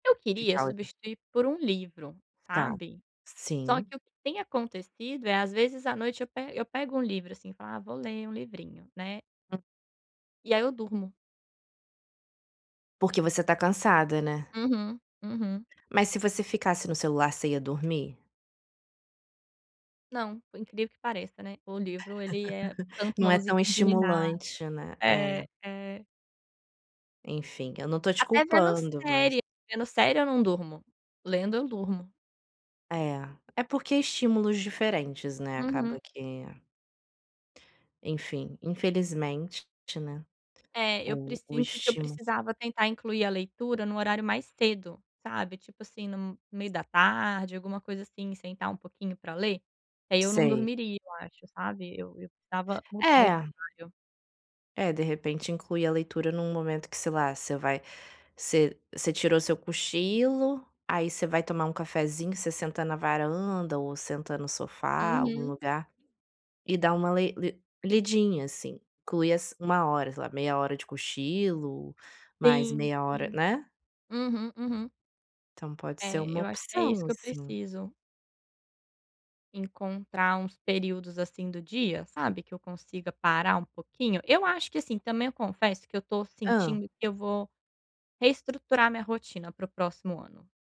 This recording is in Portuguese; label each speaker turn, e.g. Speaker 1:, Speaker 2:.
Speaker 1: Eu queria
Speaker 2: Ficar legal.
Speaker 1: substituir por um livro,
Speaker 2: Está.
Speaker 1: sabe? Só
Speaker 2: Sim.
Speaker 1: que o que tem acontecido é às vezes à noite eu pego eu pego um livro assim e falo: "Ah vou ler um livrinho né".
Speaker 2: Hum.
Speaker 1: E aí eu durmo.
Speaker 2: Porque você está cansada, né.
Speaker 1: Uhum, uhum.
Speaker 2: Mas se você ficasse no celular você ia dormir?
Speaker 1: Não, por incrível que pareça, né, o livro ele é canta
Speaker 2: Não
Speaker 1: uma
Speaker 2: é tão
Speaker 1: musiquinha de ninar.
Speaker 2: estimulante, né, é.
Speaker 1: É, é.
Speaker 2: Enfim, eu não estou te
Speaker 1: Até vendo
Speaker 2: culpando mas
Speaker 1: série, vendo série eu não durmo, lendo eu durmo.
Speaker 2: É, é porque estímulos diferentes, né,
Speaker 1: Uhum.
Speaker 2: acaba que enfim, infelizmente, né,
Speaker 1: É eu
Speaker 2: o o
Speaker 1: precinto que eu
Speaker 2: estímulo.
Speaker 1: precisava tentar incluir a leitura em um horário mais cedo, sabe? Tipo assim no meio da tarde, alguma coisa assim sentar um pouquinho para ler, que aí eu não
Speaker 2: Sei.
Speaker 1: dormiria eu acho sabe, eu eu precisava mudar esse
Speaker 2: É.
Speaker 1: horário.
Speaker 2: É, de repente inclui a leitura em um momento que sei lá você vai você você tirou o seu cochilo, aí você vai tomar um cafezinho você senta na varanda ou senta no sofá algum
Speaker 1: Uhum.
Speaker 2: lugar, e dá uma lei li lidinha assim, inclui as 1 hora sei lá, meia hora de cochilo, mais
Speaker 1: Sim,
Speaker 2: meia hora,
Speaker 1: sim.
Speaker 2: né.
Speaker 1: Uhum, uhum.
Speaker 2: Então pode ser
Speaker 1: É,
Speaker 2: uma
Speaker 1: eu acho que é isso
Speaker 2: opção
Speaker 1: que eu
Speaker 2: assim.
Speaker 1: preciso. Encontrar uns períodos assim do dia, sabe, que eu consiga parar um pouquinho. Eu acho que assim, também eu confesso que eu estou
Speaker 2: Hã?
Speaker 1: sentindo que eu vou reestruturar minha rotina para o próximo ano.